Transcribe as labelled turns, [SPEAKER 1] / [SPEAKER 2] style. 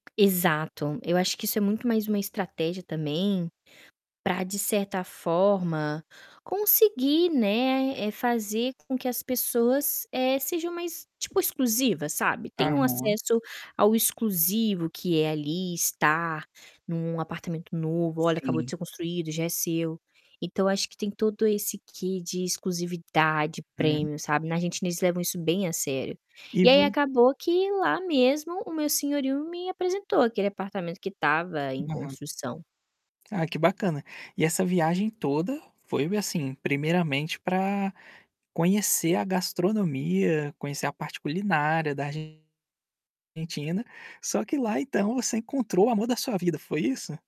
[SPEAKER 1] Exato, eu acho que isso é muito mais uma estratégia também, pra de certa forma, conseguir, né, eh, fazer com que as pessoas, eh, sejam mais tipo exclusiva, sabe. Tenham
[SPEAKER 2] Aham.
[SPEAKER 1] acesso ao exclusivo que é ali estar em um apartamento novo, olha acabou de
[SPEAKER 2] Sim.
[SPEAKER 1] ser construído, já é seu. Então acho que tem todo esse quê de exclusividade,
[SPEAKER 2] Hum.
[SPEAKER 1] premium, sabe. Na a gente eles levam isso bem a sério.
[SPEAKER 2] E
[SPEAKER 1] E
[SPEAKER 2] vo
[SPEAKER 1] aí acabou que lá mesmo o meu senhorio me apresentou aquele apartamento que estava em
[SPEAKER 2] Aham.
[SPEAKER 1] construção.
[SPEAKER 2] Ah, que bacana. E essa viagem toda, foi assim primeiramente para conhecer a gastronomia, conhecer a parte culinária da Argentina, só que lá então você encontrou o amor da sua vida, foi isso?